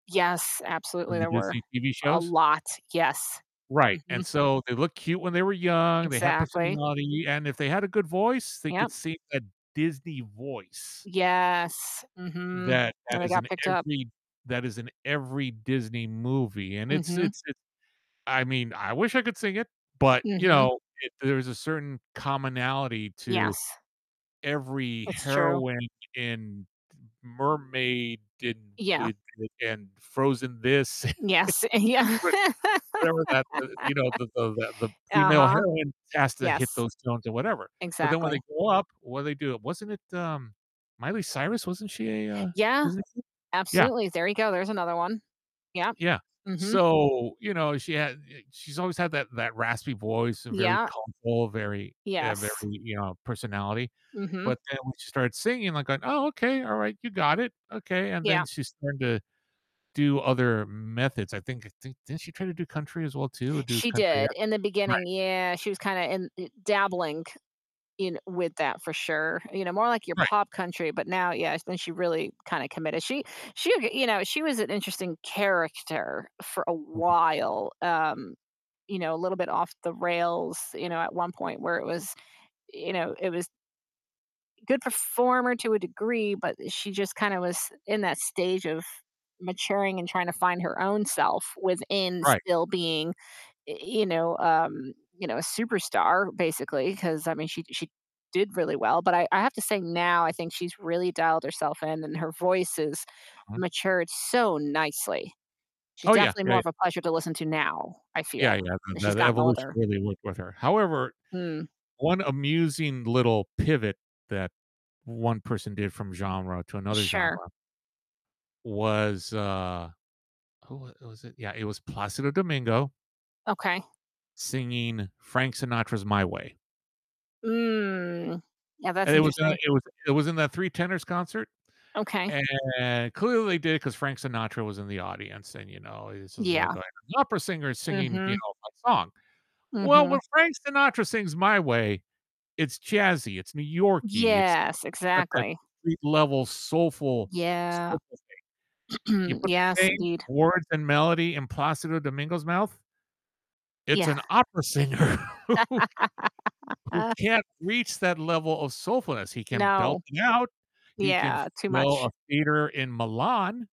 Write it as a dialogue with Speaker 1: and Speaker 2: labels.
Speaker 1: Yes, absolutely
Speaker 2: From the
Speaker 1: there were,
Speaker 2: Disney TV
Speaker 1: a
Speaker 2: shows?
Speaker 1: lot, yes,
Speaker 2: Right, and,
Speaker 1: mhm.
Speaker 2: so, they looked cute when they were young, they had
Speaker 1: Exactly.
Speaker 2: personality, and if they had a good voice, they
Speaker 1: Yep.
Speaker 2: could sing a Disney voice.
Speaker 1: Yes, mhm,
Speaker 2: That that
Speaker 1: and they
Speaker 2: is
Speaker 1: got
Speaker 2: in
Speaker 1: picked up.
Speaker 2: every that is in every Disney movie, and it's
Speaker 1: Mhm.
Speaker 2: it's it's, I mean I wish I could sing it, but, you
Speaker 1: Mhm.
Speaker 2: know, it there's a certain commonality to
Speaker 1: Yes.
Speaker 2: every
Speaker 1: It's true.
Speaker 2: heroine in d Mermaid, in,
Speaker 1: Yeah.
Speaker 2: with within Frozen this,
Speaker 1: Yes, and yeah.
Speaker 2: what whatever that, uh, you know, the the the the female
Speaker 1: Uh-huh,
Speaker 2: heroine has to hit
Speaker 1: yes,
Speaker 2: those notes or whatever. But then when they
Speaker 1: exactly.
Speaker 2: grow up, what do they do? Wasn't it, um, Miley Cyrus, wasn't she a a
Speaker 1: Yeah,
Speaker 2: Disney kid? Yeah.
Speaker 1: absolutely, there you go. There's another one, yep,
Speaker 2: Yeah,
Speaker 1: mhm.
Speaker 2: so, you know, she had, uh she's always had that that raspy voice, a very
Speaker 1: Yeah.
Speaker 2: [unintelligible] very, uh very,
Speaker 1: Yes.
Speaker 2: you know, personality.
Speaker 1: Mhm.
Speaker 2: But then when she started singing, like going, "Oh, okay, all right, you got it. Okay," and then
Speaker 1: Yeah.
Speaker 2: she started to do other m methods, I think I think, didn't she try to do country as well too, or do
Speaker 1: She
Speaker 2: country
Speaker 1: did,
Speaker 2: act?
Speaker 1: in the beginning,
Speaker 2: Right.
Speaker 1: yeah, she was kinda in, uh dabbling in with that, for sure, you know, more, like, your
Speaker 2: Right.
Speaker 1: pop country, but now, yeah then she really kinda committed. She she ge you know, she was an interesting character for a
Speaker 2: [unintelligible]
Speaker 1: while. Um, you know, a little bit off the rails, you know, at one point, where it was you know, it was good performer to a degree, but she just kinda was in that stage of maturing, and trying to find her own self within
Speaker 2: Right.
Speaker 1: still being, uh, you know, um, you know, a superstar, basically. 'Cause I mean, she she did really well. But I I have to say now, I think she's really dialed herself in, and her voice has
Speaker 2: Uh-huh.
Speaker 1: matured so nicely. She's
Speaker 2: Oh, yeah,
Speaker 1: definitely more
Speaker 2: yeah.
Speaker 1: of a pleasure to listen to now, I feel,
Speaker 2: Yeah yeah,
Speaker 1: as
Speaker 2: the
Speaker 1: she's
Speaker 2: the
Speaker 1: gotten
Speaker 2: evolution
Speaker 1: older.
Speaker 2: really worked with her. However,
Speaker 1: Hmm.
Speaker 2: one amusing little pivot that one person did from genre to another
Speaker 1: Sure.
Speaker 2: genre was, uh, who w was it? Yeah, it was Plácido Domingo
Speaker 1: Okay.
Speaker 2: singing Frank Sinatra's "My Way."
Speaker 1: Mm. Yeah, that's
Speaker 2: And it was in, uh,
Speaker 1: interesting.
Speaker 2: it was it was in the Three Tenors concert,
Speaker 1: Okay.
Speaker 2: and clearly they did it 'cause Frank Sinatra was in the audience and, you know, this was, like,
Speaker 1: Yeah.
Speaker 2: an opera singer singing, you
Speaker 1: Mhm.
Speaker 2: know, my song. Well, when
Speaker 1: Mhm.
Speaker 2: Frank Sinatra sings "My Way," it's jazzy, it's New Yorkie, it's
Speaker 1: Yes,
Speaker 2: got that
Speaker 1: exactly.
Speaker 2: street level soulful
Speaker 1: Yeah.
Speaker 2: soulful thing. You put the
Speaker 1: Yes,
Speaker 2: same
Speaker 1: indeed.
Speaker 2: words and melody in Plácido Domingo's mouth it's
Speaker 1: Yeah.
Speaker 2: an opera singer who who can't reach that level of soulfulness. He can belt
Speaker 1: No,
Speaker 2: it out. He can
Speaker 1: yeah, too
Speaker 2: fill
Speaker 1: much.
Speaker 2: a theater in Milan.